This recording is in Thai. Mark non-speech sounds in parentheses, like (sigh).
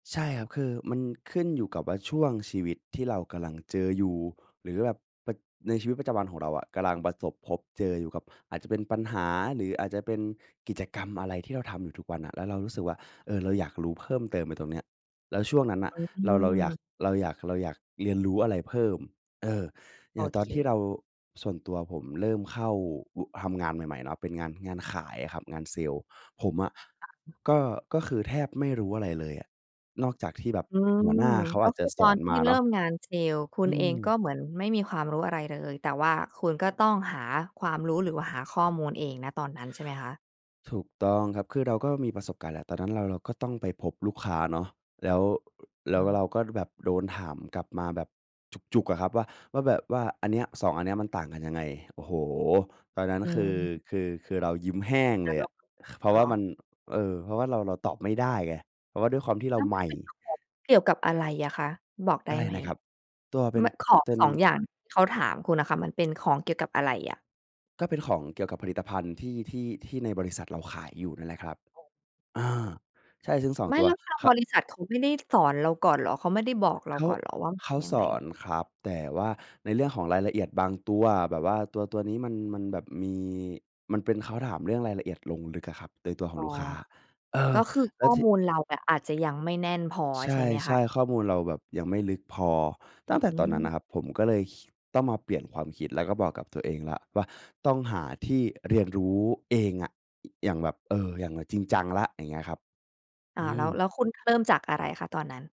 ใช่ครับ คือมันขึ้นอยู่กับว่าช่วงชีวิตที่เรากำลังเจออยู่ หรือแบบในชีวิตประจำวันของเราอะกำลังประสบพบเจออยู่กับ อาจจะเป็นปัญหา หรืออาจจะเป็นกิจกรรมอะไรที่เราทำอยู่ทุกวันน่ะ แล้วเรารู้สึกว่า เออ เราอยากรู้เพิ่มเติมไปตรงเนี้ย แล้วช่วงนั้นน่ะ อเรา เราอยาืม ก เราอยาก เราอยากเรียนรู้อะไรเพิ่ม เออ อโยอ่างตอเนที่ค เรา ส่วนตัวผมเริ่มเข้า ว ทำงานใหม่ ๆ เนาะ เป็นงาน งานขายอะครับ งานเซลส์ผมอะ ค่ะ ก็ ก็คือแทบไม่รู้อะไรเลยอะ นอกจากที่แบบอืหัวหม น้าเขากอ็าจคจะือสตออนนทมี่าเเรนิา่ะ มงานเซลส์ คุอณืเอม งก็เหมือนไม่มีความรู้อะไรเลย แต่ว่าคุณก็ต้องหาความรู้ หรือว่าหาข้อมูลเอง ณ ตอนนั้นใช่ไหมคะ? ถูกต้องครับ คือเราก็มีประสบการณ์แล้วตอนนั้นเรา เราก็ต้องไปพบลูกค้าเนาะ แล้ว แล้อวือ เราก็แบบโดนถามกลับมาแบบจุก ๆ อะครับ ว่า ว่าแบบว่าอันเนี้ย 2 อันเนี้ยมันต่างกันยังไง โอ้โฮ ตอนนั้น อืคือ ม คือ คือเรายิ้มแห้งเลยอะ (unintelligible) เพราะวเหร่าอ? มัน เออ เพราะว่าเรา เราตอบไม่ได้ไง เพราะว่าด้วยความที่เแรลา้วมใหัมน่ เป็นของเกี่ยวกับอะไรอะคะ บอกไอดะ้ไรไหม นะครับ? ตัวเป็มน ัน ของ เป็น 2 อย่างที่เขาถามคุณอะค่ะ มันเป็นของเกี่ยวกับอะไรอะ? ก็เป็นของเกี่ยวกับผลิตภัณฑ์ที่ ที่ ที่ในบริษัทเราขายอยู่นั่นแหละครับ อา ใช่ซึ่ง 2 ไม่ ตัวแล้วทางเขา บริษัทเขาไม่ได้ สอนเราก่อนเหรอ เขาไม่ได้บอกเรเาขา ก่อนเหรอว่าเขายังสไง? อนครับ แต่ว่าในเรื่องของรายละเอียดบางตัวแบบว่า ตัว ตัวนี้มัน มันแบบมีมันเป็น เขาถามเรื่องรายละเอียดลงลึกอะครับในตัวของอ๋อ ลูกค้า เอกอ ็คือแขล้้วอที มูลเรา อาจจะยังไม่แน่นพอใชใช่ไหมคะ? ่ ๆ ข้อมูลเราแบบยังไม่ลึกพอ ตั้งแต่อืตอนนั้ม นนะครับ ผมก็เลย คิ ต้องมาเปลี่ยนความคิด แล้วก็บอกกับตัวเองแล้วว่า ต้องหาที่ เรียนรู้เองอะ อย่างแบบ เออ อย่างจริงจังละอย่างเงี้ยครับ อ้าอว ืแล้ม ว แล้วคุณเริ่มจากอะไรคะตอนนั้น?